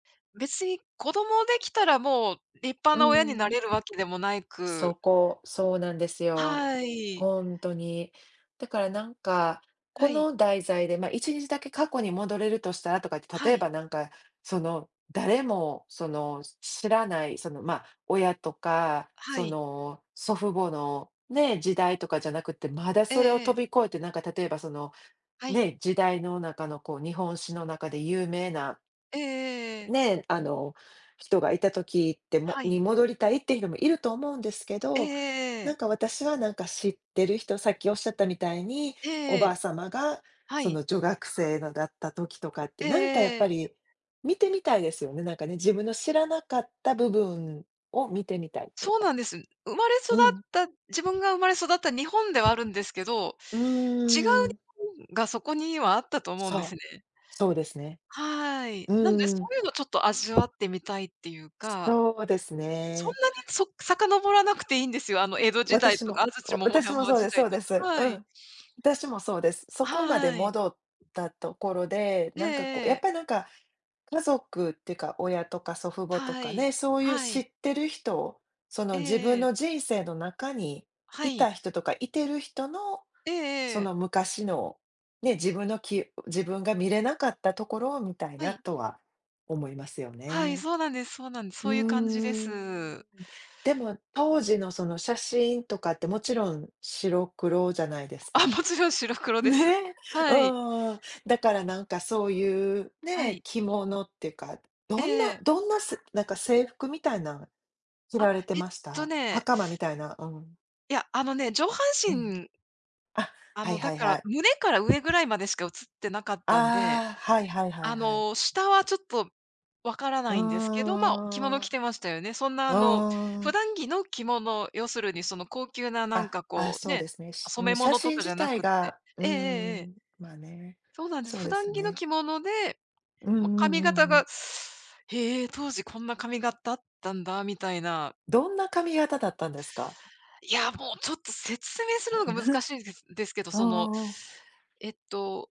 別に子供できたらもう立派うな親になん。れるわけでもなそく。こ、そうなんですよ。はい。ほんとに。だからなんか、こはい。の題材でまあ1日だけ過去に戻れるとしたらとかって、は例えい。ばなんか、その誰もその知らないそのまあ親とか、はそい。の祖父母のね、時代とかじゃなくて、まだえそれをええ飛え。び越えて、なんか例えばそのはい。ね、時代の中のこう日本史の中で有名なええええええ。ね、あの人がいた時ってもはい。に戻りたいっていう人もいると思うんですけええど、えええなえ。んか私はなんか知ってる人さっきおっしゃったみたいに、おえばあえ。様がはそい。の女学生のだった時とかってええなんかやっえええぱえ。り、見てみたいですよね、なんかね、自分の知らなかった部分を見てみたいっていうそうか。なんです。生まれ育っうん。た自分が生まれ育った日本ではあるんですけど、う違う日ーん。本がそこにはあったと思うんですそう、ね。そうですね。はい。なんでそうん。ういうのちょっと味わってみたいっていうか。そうですそんね。なにそ遡らなくていいんですよ。あの江戸時代私とか、も安土桃私も山そう時です代そうとでか、す。うはい。ん。私もそうです。そこまではい。戻ったところで、ええなえんかこう、ええやっえ。ぱなんか、家族ってか、親とか祖父母とはかい。ね、そういうは知い。ってる人、そえの自え分ええ。の人生の中にはいい。た人とかいてる人の、ええそええ。の昔の、ね、自分のき、自分が見れなかったところを見たいはない。とは思いますよはい、ね。そうなんですそうなんです。そうういう感じでん。す。でも、当時のその写真とかってもちろん、白黒じゃないですあ、か。もちろん白黒です。ね。うはい。ーん。だからなんかそういう、はね、い。着物ってか、どえんなえ。どんな、せなんか制服みたいな着あ、られれてえっましとた？ね。袴みたいな、うん。いや、あのね、上半うん。身あ、あはいのだはいかはら、い。胸から上ぐらいまでしか映ってなかったんで、ああ、はいはいはいあはい。の下はちょっと、わからうなーいんですけど、まあ着物ん。着うてましたよね。そんなあのー普ん。段着の着物、要するにその高級ななんあ、かああこう、そうね、ですね。し染め写物と真かじ自ゃな体くって。が、うえーえええええ。ん、まあね、そうなんです。そう普です段着のね。着物で、うんうんまあ、髪う型んうん。が へえ、当時こんな髪型あったんだみたいな。どんな髪型だったんですか？いや、もうちょっと説明するのが難しいんでで すけど、あそのあ。えっと。